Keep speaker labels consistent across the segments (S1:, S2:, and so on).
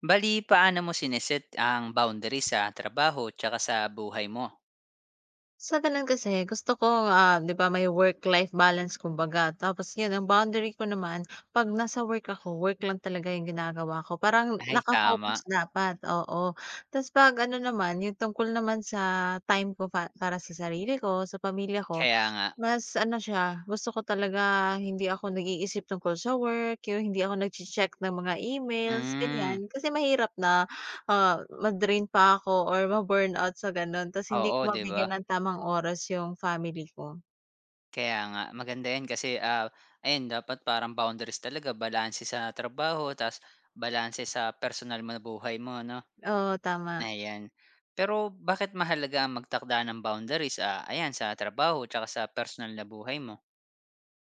S1: Bale, paano mo sine-set ang boundaries sa trabaho tsaka sa buhay mo?
S2: Sa gano'n kasi gusto ko, ah, 'di ba, may work-life balance kumbaga. Tapos 'yon ang boundary ko naman, 'pag nasa work ako, work lang talaga 'yong ginagawa ko. Parang
S1: Ay tama.
S2: naka-focus dapat, oo. Tapos 'pag ano naman, 'yon tungkol naman sa time ko pa para sa sarili ko, sa pamilya ko,
S1: Kaya nga.
S2: mas ano siya, gusto ko talaga hindi ako nag-iisip tungkol sa work, 'yong hindi ako nagche-check ng mga emails,
S1: Hmm.
S2: ganiyan. Kasi mahirap na, ah, ma-drain pa ako or ma-burnout sa gano'n. Tapos hindi ko
S1: Oo, 'di
S2: mabigyan
S1: ba?
S2: ng tamang oras 'yong family ko.
S1: Kaya nga, maganda 'yan, kasi, ah, ayun dapat parang boundaries talaga balanse sa trabaho tapos balanse sa personal na buhay mo 'no.
S2: Oo, tama.
S1: Ayan. Pero bakit mahalaga ang magtakda ng boundaries, ah, ayan sa trabaho tsaka sa personal na buhay mo?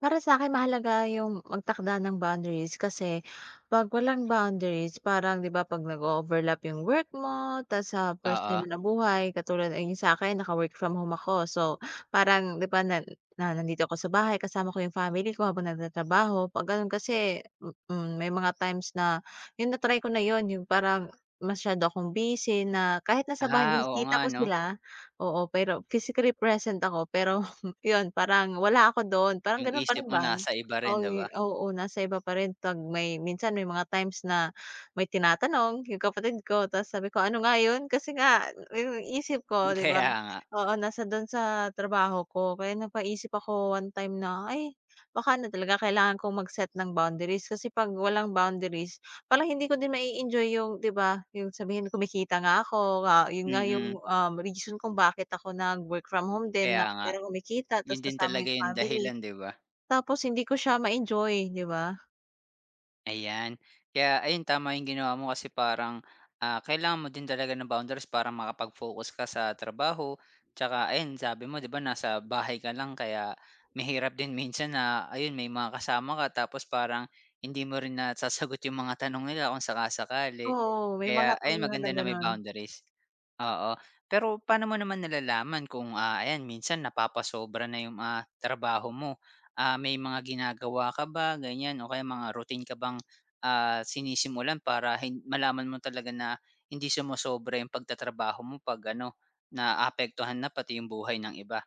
S2: Para sa'kin mahalaga 'yung magtakda ng boundaries kasi 'pag walang boundaries parang 'di ba, 'pag nag-o-overlap 'yung work mo tas sa
S1: Oo.
S2: personal na buhay katulad ng sa akin naka-work from home ako, so parang 'di ba, na na nandito ako sa bahay kasama ko 'yung family ko habang nagtatrabaho 'pag ganon kasi, hmm hmm, may mga times na 'yung na-try ko na 'yun, 'yung parang masyado akong busy na kahit nasa bahay
S1: Ah, oo
S2: nakikita
S1: nga
S2: ko
S1: 'no.
S2: sila, oo, pero physically present ako pero 'yun parang wala ako doon, parang
S1: 'Yung
S2: gano'n parin
S1: isip mo
S2: ba?
S1: nasa iba
S2: Oo,
S1: rin, 'di ba?
S2: oo nasa iba pa rin, 'pag may minsan may mga times na may tinatanong 'yung kapatid ko, tapos sabi ko, "ano nga 'yun?" kasi nga 'yung isip
S1: Hmm,
S2: ko 'di ba
S1: kaya nga.
S2: oo, nasa do'n sa trabaho ko. Kaya napaisip ako, one time na, "Ay, baka ano talaga kailangan kong mag-set ng boundaries." Kasi 'pag walang boundaries, parang hindi ko din mai-enjoy 'yung 'di ba, 'yung sabihin kumikita nga ako, ah, 'yun nga
S1: Mm.
S2: 'yung, ah, reason kung bakit ako nag-work from home din na
S1: Kaya nga.
S2: para kumikita
S1: 'Yun
S2: tapos
S1: din
S2: kasama
S1: talaga
S2: 'yung
S1: 'yung
S2: family.
S1: dahilan, 'di ba?
S2: Tapos hindi ko siya ma-enjoy, 'di ba?
S1: Ayan, kaya ayun tama 'yung ginawa mo kasi parang, ah, kailangan mo din talaga ng boundaries para makapag-focus ka sa trabaho, tsaka ayun sabi mo, ‘di ba, nasa bahay ka lang kaya mahirap din minsan na ayun, may mga kasama ka tapos parang hindi mo rin nasasagot 'yung mga tanong nila kung sakali sakali.
S2: Oo, may
S1: Kaya
S2: mga
S1: ayun,
S2: time nga
S1: maganda
S2: na
S1: na may
S2: ganun.
S1: boundaries. Oo, pero paano mo naman nalalaman kung, ah, ayan, minsan napapasobra na 'yung, ah, trabaho mo? Ah, may mga ginagawa ka ba ganiyan o kaya mga routine ka bang, ah, sinisimulan para hin malaman mo talaga na hindi sumosobra 'yung pagtatrabaho mo 'pag ano, naapektuhan na pati 'yung buhay ng iba?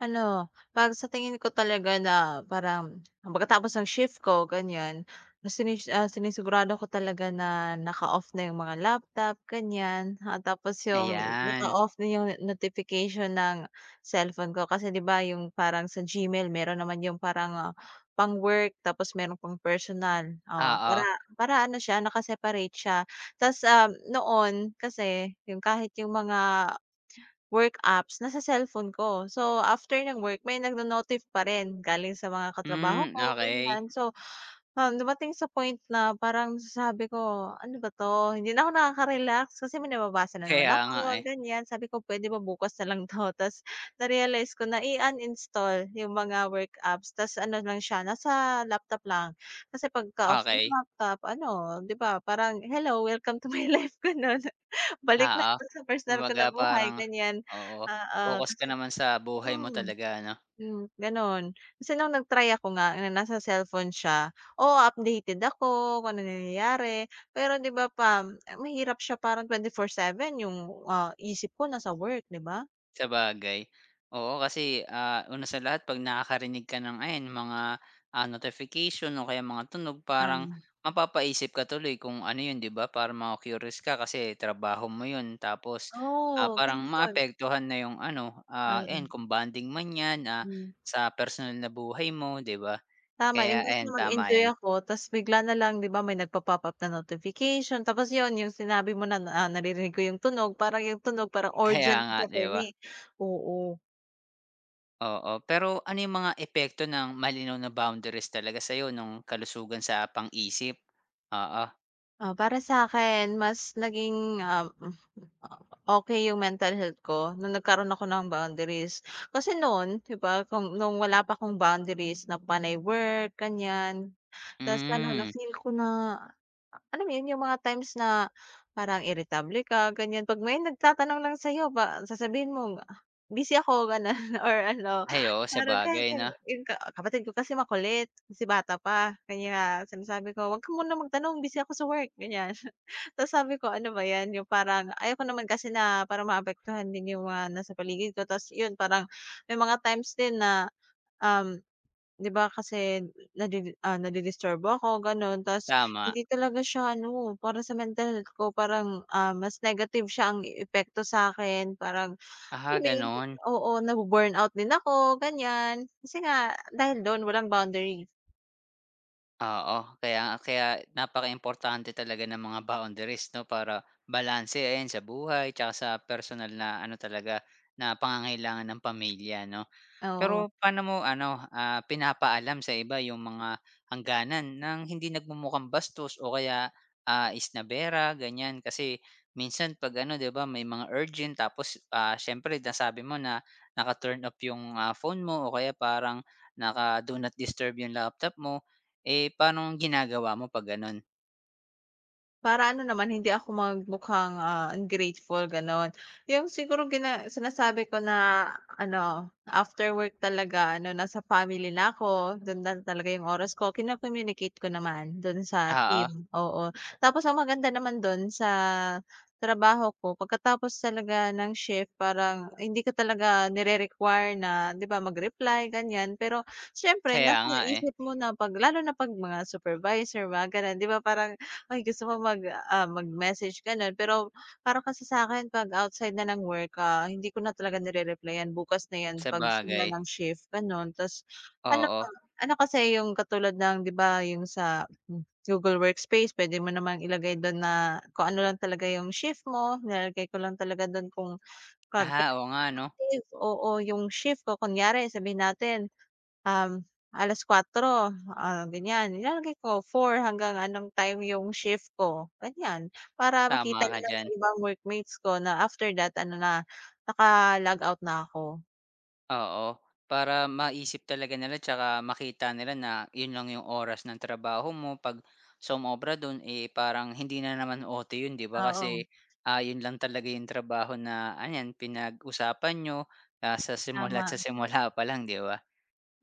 S2: Ano, ‘pag sa tingin ko talaga na para, um, pagkatapos ng shift ko ganiyan, sinis ah, sinisigurado ko talaga na naka-off na 'yung mga laptop ganiyan, ah, tapos 'yung
S1: Ayan.
S2: naka-off na 'yung no notification ng cellphone ko, kasi 'di ba yung parang sa Gmail meron naman 'yung parang pang-work tapos meron pang personal, oh, para
S1: Oo.
S2: para ano siya naka-separate siya. Ta's, um, noon kasi 'yung kahit 'yung mga, work apps nasa cellphone ko. So after ng work, may nagno-notif pa rin, galing sa mga katrabaho
S1: Hmm,
S2: ko,
S1: okey.
S2: ganiyan. So, um, dumating sa point na parang sabi ko, "Ano ba 'to? Hindi na ako nakaka-relax." Kasi may nababasa na naman
S1: Kaya nga,
S2: ako,
S1: eh.
S2: ganiyan. Sabi ko, "Puwede ba bukas na lang 'to." Ta’s na-realize ko na i-uninstall 'yong mga work apps ta’s ano na siya, nasa laptop lang. Kasi pagka-off na 'yong
S1: Okey.
S2: laptop, ano, 'di ba, parang, "Hello, welcome to my life." Gano'n. Balik na
S1: Oo,
S2: 'to sa personal ko na
S1: kumbaga
S2: buhay,
S1: parang
S2: ganiyan.
S1: oo,
S2: Oo,
S1: pokus ka
S2: kasi
S1: naman sa buhay mo
S2: mm,
S1: talaga, 'no?
S2: hmm, gano'n. Kasi no'ng nag-try ako nga, na nasa cellphone siya, oo, updated ako kung anong nangyayari, pero 'di ba, pam mahirap siya parang 24/7 'yung, ah, isip ko nasa work, 'di ba?
S1: Sabagay. Oo, kasi, ah, una sa lahat 'pag nakakarinig ka ng ayan mga, ah, notification o kaya mga tunog, parang
S2: Tama.
S1: mapapaisip ka tuloy kung ano 'yun, di ba, para maku-curious ka kasi trabaho mo 'yun tapos, ah,
S2: Oh,
S1: parang
S2: ganoon.
S1: maapektuhan na 'yung ano, ah, ayan,
S2: Mm.
S1: kung bonding man 'yan, ah,
S2: Hmm.
S1: sa personal na buhay mo, 'di ba?
S2: Tama,
S1: Kaya
S2: imbes na
S1: ayan, tama
S2: mag-enjoy
S1: 'yan.
S2: ako, tas bigla na lang 'di ba, may nagpa-pop up na notification. Tapos 'yon, 'yong sinabi mo na, ah, naririnig ko 'yong tunog, parang 'yong tunog parang
S1: Kaya
S2: urgent
S1: nga,
S2: siya
S1: 'di
S2: for
S1: ba?
S2: me. Oo.
S1: Oo, pero ano 'yung mga epekto ng malinaw na boundaries talaga sa'yo no'ng kalusugan sa pang-isip? Oo.
S2: Ah, para sa'kin mas naging, um, hmm, opo, okey 'yung mental health ko no'ng nagkaroon ako ng boundaries. Kasi non 'di ba, kung no'ng wala pa akong boundaries na panay work, ganiyan. Tas ano, na
S1: Hmm.
S2: feel ko na ah, alam mo 'yun, 'yung mga times na parang iritable ka ganiyan 'pag may nagtatanong lang sa'yo pa sasabihin mong, "ah, busy ako," gano'n or ano,
S1: Ay, oo,
S2: parang kahit
S1: sabagay
S2: 'yung
S1: 'no.
S2: 'yung ka kapatid ko kasi makulit, kasi bata pa, kaya sinasabi ko, "huwag ka munang magtanong busy ako sa work," ganiyan. Tapos sabi ko ano ba 'yan, 'yung parang ayoko naman kasi na parang maapektuhan din 'yung mga nasa paligid ko, tas 'yun parang may mga times din na, um, di ba kasi nadi ah, nadi-disturbo ako, gano'n, tapos
S1: Tama.
S2: hindi talaga siya ano, para sa mental health ko parang, ah, mas negative siya ang epekto sa'kin. Parang,
S1: Ah,
S2: alam mo 'yun,
S1: gano'n?
S2: oo, na-bu-burn out din ako, ganiyan. Kasi nga dahil do'n walang boundary.
S1: Oo, kaya kaya napakaimportante talaga ng mga boundaries 'no, para balanse ayan sa buhay tsaka sa personal na ano talaga, na pangangailangan ng pamilya 'no?
S2: Oo.
S1: Pero paano mo ano, ah, pinapaalam sa iba 'yung mga hangganan ng hindi nagmumukhang bastos o kaya, ah, isnabera, ganiyan? Kasi minsan 'pag ano, 'di ba, may mga urgent, tapos, ah, siyempre nasabi mo na naka-turn off 'yung, ah, phone mo o kaya parang naka-do not disturb 'yung laptop mo. Eh, paanong ginagawa mo 'pag gano'n?
S2: Para ano naman hindi ako mag mukhang, ah, ungrateful gano'n. 'Yong siguro gina sinasabi ko na ano, after work talaga ano nasa family na ako, don na talaga 'yong oras ko, kino-communicate ko naman do'n sa
S1: Oo.
S2: team, oo. Tapos ang maganda naman do'n sa trabaho ko pagkatapos talaga ng shift parang hindi ko talaga nire-require na 'di ba, mag-reply ganiyan, pero siyempre
S1: Kaya
S2: nasa
S1: nga, eh.
S2: isip mo na 'pag lalo na 'pag mga supervisor mga gano'n 'di ba parang, ay gusto mo mag, ah, mag-message gano'n. Pero para kasi sakin 'pag outside na ng work, ah, hindi ko na talaga nire-replyan, bukas na 'yan, 'pag simula
S1: Sabagay.
S2: ng shift gano'n. Tas ano ko
S1: Oo.
S2: ano kasi 'yong katulad ng 'di ba 'yong sa, hmm, Google Workspace, puwede mo namang ilagay do'n na kung ano lang talaga 'yong shift mo, nilalagay ko lang talaga do'n kung kag
S1: Ah,
S2: [unintelligible]
S1: oo nga, 'no.
S2: active, oo, 'yung shift ko, kunyari sabihin natin, um, 4:00, ah, ganiyan, nilalagay ko 4 hanggang anong time 'yung shift ko, ganiyan. Para makita
S1: Tama ka
S2: nila na
S1: diyan.
S2: ibang workmates ko na after that ano na, naka-log out na ako.
S1: Oo, para maisip talaga nila tsaka makita nila na yun lang yung oras ng trabaho mo pag sumobra dun, eh, parang hindi na naman OT yun, 'di ba, kasi,
S2: Oo.
S1: ah, yun lang talaga yung trabaho na ayan pinag-usapan niyo, ah, sa simula't sa
S2: Tama.
S1: simula pa lang, 'di ba?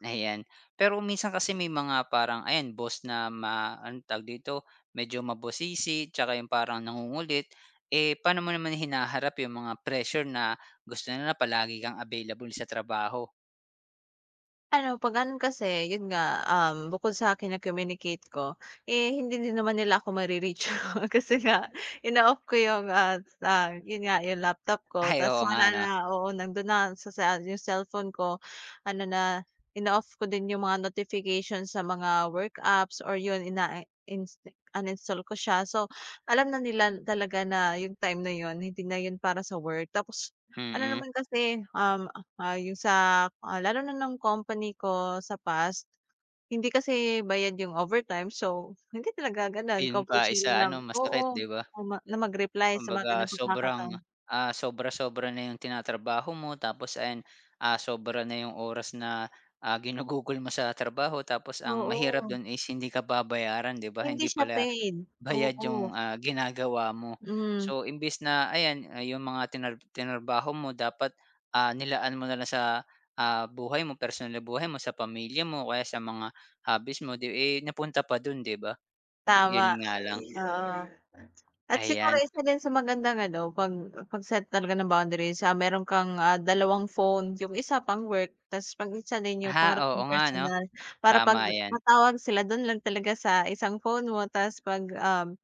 S1: Ayan. Pero minsan kasi may mga parang ayan boss na ma ano tawag dito, medyo mabusisi tsaka yung parang nangungulit, eh, paano mo naman hinaharap yung mga pressure na gusto nila palagi kang available sa trabaho?
S2: Ano, pag ano kasi, yun nga, um, bukod sa akin, yung communicate ko, eh, hindi din naman nila ako ma-re-reach, kasi nga inooff ko yun nga, ah, yun nga, yung laptop ko,
S1: Ay,
S2: tas
S1: oo nga
S2: wala
S1: 'no.
S2: na, oo, nandun na, sa sa yung cellphone ko, ano na, inooff ko din yung mga notifications sa mga work apps or yun ina-insta uninstalled ko siya. So, alam na nila talaga na yung time na yun hindi na yun para sa work. Tapos ano
S1: Mm.
S2: naman kasi, um, ah, yung sa, ah, lalo na ng company ko sa past. Hindi kasi bayad yung overtime, so hindi talaga ganun
S1: Yun pa
S2: compulsory
S1: isa
S2: na
S1: ano masakit,
S2: oo
S1: di ba?
S2: naman na mag-reply sa mga.
S1: Kumbaga sobrang,
S2: [unintelligible]
S1: ah, sobra-sobra na yung tinatrabaho mo tapos ayan, ah, sobra na yung oras na, ah, ginugugol mo sa trabaho tapos ang mahirap
S2: Oo.
S1: dun is hindi ka babayaran, 'di ba?
S2: Hindi
S1: Hindi
S2: siya
S1: pala
S2: paid,
S1: bayad
S2: oo.
S1: yung, ah, ginagawa mo.
S2: Hmm.
S1: So, imbis na ayan, ah, yung mga trinar trinarbaho mo dapat, ah, nilalaan mo na lang sa, ah, buhay mo personal na buhay mo sa pamilya mo o kaya sa mga hobbies mo 'di, eh, napunta pa do'n, 'di ba? Yun
S2: Tama,
S1: nga lang
S2: oo. At siguro
S1: Ayan.
S2: isa din sa maganda, ano, 'pag 'pag set talaga ng boundaries, ah, meron kang, ah, 2 phone, 'yong 1 pang work, tas 'pag isa na 'yong
S1: Ah,
S2: para
S1: oo
S2: mong
S1: nga 'no.
S2: personal, para 'pag,
S1: Tama yan.
S2: tawag sila do'n lang talaga sa 1 phone mo, tas 'pag, um,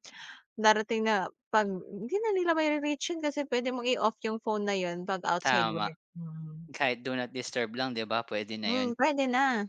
S2: darating na 'pag hindi na nila mari-reach yun kasi puwede mong i-off 'yong phone na 'yon 'pag outside
S1: Tama.
S2: work, mhm.
S1: Kahit do not disturb lang, 'di ba, pwede na
S2: Hmm,
S1: 'yon.
S2: puwede na.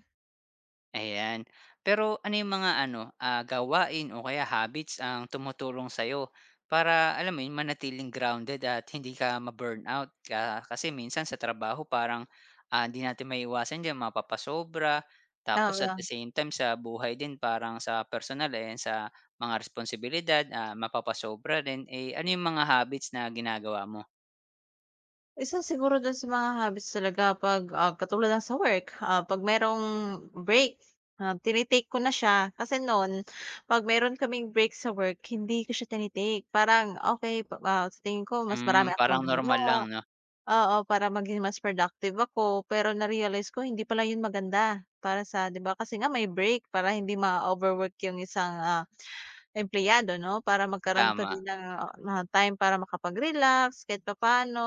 S1: Ayan. Pero ano 'yung mga ano, ah, gawain o kaya habits ang tumutulong sa'yo para alam mo 'yun, manatiling grounded at hindi ka ma-burnout. Ka kasi minsan sa trabaho parang, ah, 'di natin maiiwasan diyan mapapasobra. Tapos at the
S2: Tama.
S1: same time sa buhay din parang sa personal, eh, 'yan sa mga responsibilidad, ah, mapapasobra rin, eh, ano 'yung mga habits na ginagawa mo?
S2: Isa siguro do'n sa mga hobbies talaga 'pag, ah, katulad ng sa work, ah, 'pag merong break, ah, tini-take ko na siya, kasi no'n 'pag meron kaming break sa work hindi ko siya tini-take, parang okey, pa sa tingin ko mas
S1: Hmm,
S2: marami akong
S1: parang normal lang,
S2: magagawa.
S1: 'no?
S2: Oo, para maging mas productive ako. Pero na-realize ko hindi pala 'yon maganda, para sa 'di ba, kasi nga may break para hindi ma-overwork 'yong isang, ah, empleyado 'no, para magkaroon pa
S1: Tama.
S2: din ng, ah, ng time para makapag-relax kahit papaano,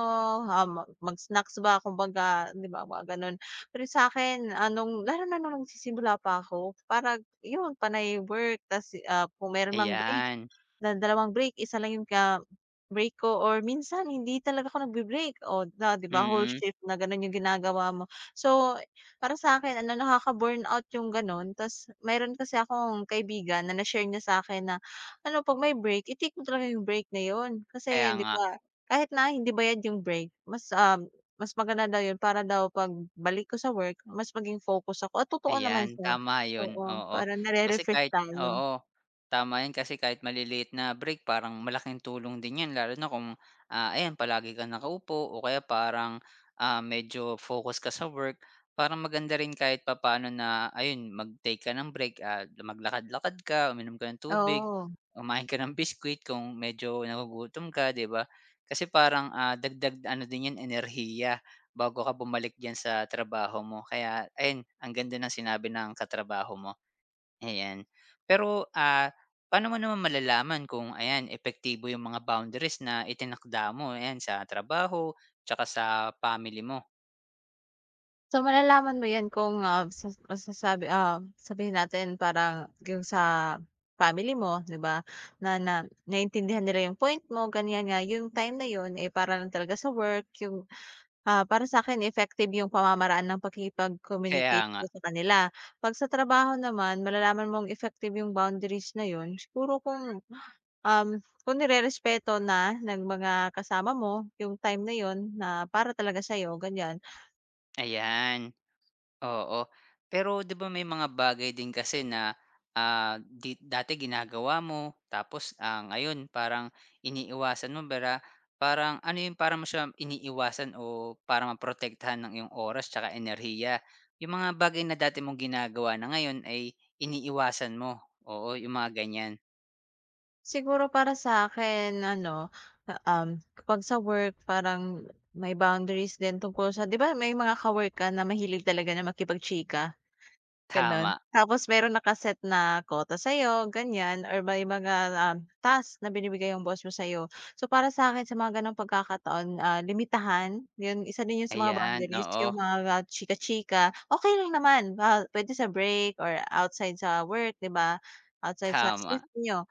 S2: um, mag-snacks ba kumbaga 'di ba mga gano'n. Pero sakin, ah, no'ng lalo na no'ng nagsisimula pa ako parang 'yon panay work tas, ah, kung meron mang break,
S1: Ayan.
S2: na dalawang break, isa lang 'yung ka break ko or minsan hindi talaga ako nagbi-break o la di ba, whole
S1: Mm.
S2: shift na gano'n 'yung ginagawa mo. So, para sa'kin ano, nakaka-burnout 'yung gano'n. Tas meron kasi akong kaibigan na na-share niya sa'kin na, ano, 'pag may break, i-take mo talaga 'yung break na 'yon.
S1: Kaya
S2: Kasi, 'di
S1: nga.
S2: ba, kahit na hindi bayad 'yung break, mas, ah, mas maganda daw 'yun para daw 'pag balik ko sa work, mas maging focus ako. At totoo naman
S1: Ayan,
S2: siya,
S1: tama 'yun,
S2: oo,
S1: oo.
S2: para
S1: Kasi
S2: nare-refresh
S1: kahit
S2: tayo.
S1: oo. Tama 'yan, kasi kahit maliliit na break parang malaking tulong din 'yan lalo na kung, ah, ayan palagi ka nakaupo o kaya parang, ah, medyo focus ka sa work, para maganda rin kahit papaano na ayun mag-take ka ng break at maglakad-lakad ka, uminom ka ng tubig,
S2: Oo.
S1: kumain ko ng biscuit kung medyo nagugutom ka, 'di ba? Kasi parang, ah, dagdag ano din 'yan, enerhiya bago ka bumalik diyan sa trabaho mo. Kaya ayun, ang ganda ng sinabi ng katrabaho mo. Ayan. Pero, ah, pa'no mo naman malalaman kung ayan epektibo 'yung mga boundaries na itinakda mo, ayan sa trabaho, tsaka sa family mo?
S2: So, malalaman mo 'yan, kung, ah, sa sa sabi, ah, sabihin natin parang yung sa, family mo 'di ba, na, na naiintindihan nila 'yung point mo, ganyan nga 'yung time na 'yun, eh, para lang talaga sa work 'yung, ah, para sa'kin effective yung pamamaraan ng
S1: Kaya
S2: pakikipag-communicate ko
S1: nga.
S2: sa kanila. Pag sa trabaho naman malalaman mong effective 'yung boundaries na 'yun, siguro kung, um, kung nirerespeto na ng mga kasama mo 'yung time na 'yun na para talaga sayo ganyan.
S1: Ayan. Oo. Pero 'di ba, may mga bagay din kasi na, ah, di dati ginagawa mo, tapos, ang ngayon parang iniiwasan mo para, parang ano yung para mo siya iniwasan o para ma protektahan ang iyong oras tsaka enerhiya, yung mga bagay na dati mong ginagawa na ngayon ay iniwasan mo. Oo, yung mga ganyan.
S2: Siguro para sa akin, ano, um, 'pag-sa work parang, may boundaries din tungkol sa 'di ba, may mga ka-work ka na mahilig talaga na makipag-chika. Gano'n.
S1: Tama.
S2: Tapos meron na ka-set na quota sa'yo, ganyan, or may mga, um, task na binibigay 'yong boss mo sa'yo. So, para sa'kin sa mga gano'ng pagkakataon, ah, limitahan, 'yon isa din 'yon sa mga
S1: Ayan,
S2: boundaries,
S1: oo.
S2: 'yong mga, ah, chika-chika, okay lang naman, ba puwede sa break or outside sa work, 'di ba? Outside sa space
S1: Tama.
S2: n'yo,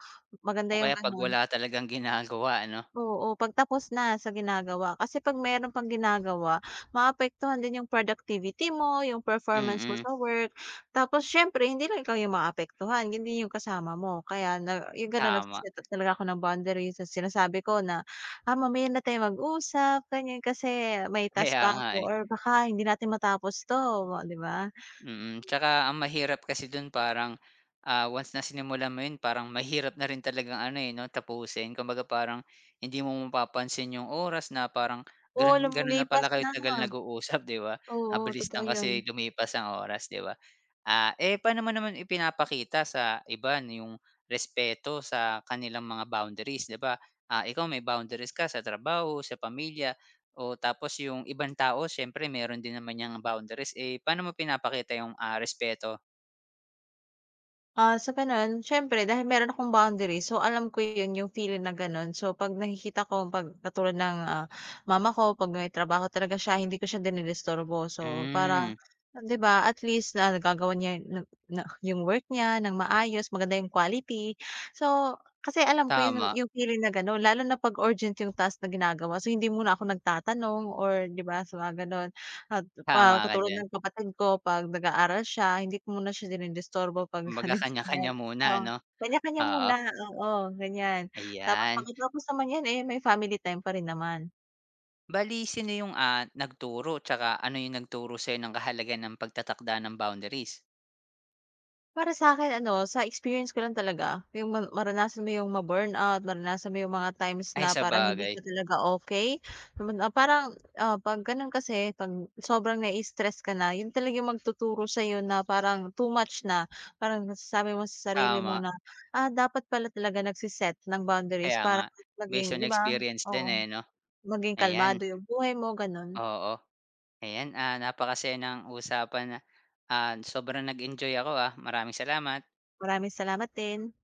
S2: maganda
S1: O,
S2: 'yong
S1: kaya 'pag
S2: gano'n.
S1: wala talagang ginagawa ano?
S2: Oo, pagtapos na sa ginagawa. Kasi 'pag meron pang ginagawa, maapektuhan din 'yong productivity mo, 'yong performance mo
S1: Mm.
S2: sa work. Tapos siyempre hindi lang ikaw 'yong maapektuhan, hindi 'yong kasama mo. Kaya na 'yong gano'n
S1: Tama.
S2: nagse-set talaga ako ng boundaries. So sinasabi ko na, Ah, mamaya na tayong mag-usap. Ganyan, kasi may task
S1: Kaya
S2: pa
S1: nga
S2: ako
S1: eh.
S2: or baka hindi natin matapos to, 'di ba?
S1: Mm, tsaka ang mahirap kasi dun parang ah, once na sinimulan mo 'yon, parang mahirap na rin talagang ano, eh, 'no, tapusin. Kumbaga, parang hindi mo pa pa pansin 'yong oras na parang,
S2: Oo,
S1: gano'n, gano'n na pala
S2: lumilipas
S1: kayo
S2: na.
S1: tagal nag-uusap, 'di ba?
S2: Oo,
S1: Mabilis
S2: totoo
S1: lang
S2: yan.
S1: kasi lumipas ang oras, 'di ba? Ah, eh, paano mo naman ipinapakita sa iba 'yong respeto sa kanilang mga boundaries, 'di ba? Ah, ikaw may boundaries ka sa trabaho, sa pamilya, o tapos 'yong ibang tao siyempre meron din naman 'yang boundaries, eh, paano mo pinapakita 'yong, ah, respeto?
S2: Ah, so, gano'n, siyempre dahil meron akong boundary, so, alam ko 'yon yung feeling na gano'n. So, 'pag nakikita ko, 'pag katulad ng, ah, mama ko, 'pag may trabaho talaga siya, hindi ko siya dinidisturbo. So, para,
S1: Hmm.
S2: ah, 'di ba, at least, na nagagawan niya na na yung work niya, nang maayos, maganda yung quality. So, kasi alam ko 'yon,
S1: Tama.
S2: yung feeling na gano'n, lalo na 'pag urgent yung task na ginagawa. So, hindi muna ako nagtatanong or, 'di ba, sa mga gano'n, at, pa
S1: Tama ka
S2: katulad
S1: diyan.
S2: ng kapatid ko, 'pag nag-aaral siya, hindi ko muna siya dinidisturbo pagka
S1: Kumbaga, kanya-kanya
S2: [unintelligible]
S1: muna,
S2: oo,
S1: 'no?
S2: kanya kanya
S1: Oo.
S2: muna, oo, ganyan. Tapos,
S1: Ayan.
S2: pagkatapos naman niyan, eh, may family time pa rin naman.
S1: Bale, sino yung, ah, nagturo, tsaka ano yung nagturo sa'yo ng kahalagahan ng pagtatakda ng boundaries?
S2: Para sa'kin ano, sa experience ko lang talaga, yung ma maranasan mo yung ma-burnout, maranasan mo yung mga times
S1: Ay,
S2: na parang hindi
S1: sabagay.
S2: ka talaga okay. So, man ah, parang, ah, 'pag gano'n kasi, 'pag sobrang nai-stress ka na, 'yon talaga yung magtuturo sa'yo na, parang too much na, parang nasasabi mo sa sarili mo
S1: Tama.
S2: na, "Ah, dapat pala talaga nagsi-set ng boundaries
S1: Kaya
S2: para,
S1: nga,
S2: hmm, maging"
S1: based on
S2: 'di ba?
S1: experience din,
S2: Oo.
S1: eh, 'no?
S2: Maging
S1: Ayan.
S2: kalmado yung buhay mo, gano'n.
S1: Oo. Ayan, ah, napakasaya ng usapan na ah, sobrang nag-enjoy ako, ah, maraming salamat.
S2: Maraming salamat din.